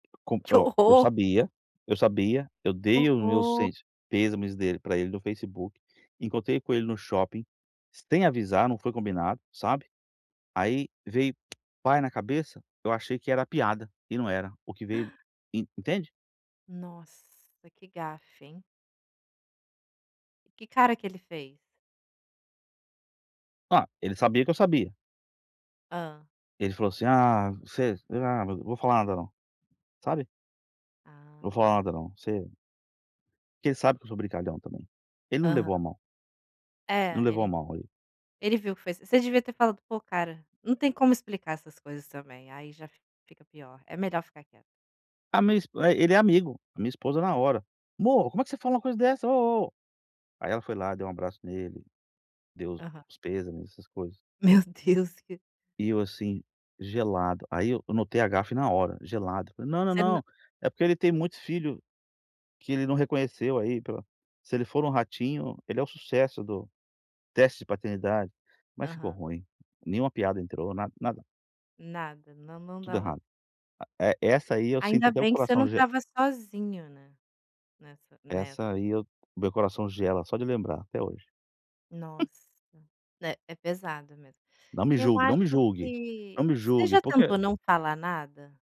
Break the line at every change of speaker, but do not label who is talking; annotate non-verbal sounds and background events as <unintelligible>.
Que
<unintelligible> Eu
horror!
sabia, eu sabia, eu
Que
dei o meu
horror.
sent pêsames dele pra ele no Facebook, encontrei com ele no shopping, sem avisar, não foi combinado, sabe, aí veio pai na cabeça, eu achei que era piada, e não era o que veio
<gasps>
en entende?
Nossa! Que gafe, hein. Que cara que ele fez?
Ah, ele sabia que eu sabia.
Hã.
Ele falou assim: "Ah, você, ah, v vou falar nada não", sabe. Vou falar
Ah.
nada não, você porque ele sabe que eu sou brincalhão também. Ele não
Aham.
levou a mal. Não
É,
levou a
ele
mal ele.
ele viu que foi s você devia ter falado: "Pô, cara" não tem como explicar essas coisas também, aí já f fica pior. É melhor ficar quie
A minha esp é, ele é amigo. A minha esposa na hora: "Mô, como é que você fala uma coisa dessa, oh, oh?". Aí ela foi lá, deu um abraço nele, deu
Aham.
os pêsames, essas coisas.
Meu Deus, que
E eu, assim, gelado. Aí eu eu notei a gafe na hora, gelado, falei: "Não, não,
Você nã
não, é porque ele tem muitos filho que ele não reconheceu aí pela se ele for no Ratinho, ele é o sucesso do teste de paternidade". Mas ficou
Aham.
ruim, nenhuma piada entrou, na nada.
Nada, não não
Tudo
dava
errado. A e essa aí eu sinto
Ainda
até o
bem que você
coração
não
ge
estava sozinho, né, nessa, né.
Essa aí eu meu coração gela só de lembrar até hoje. <chuckles>
Nossa, é é pesado mesmo.
Não me
Eu
julgue, não me
acho
julgue!
que
Não me
você
julgue,
já
porque
tentou não falar nada?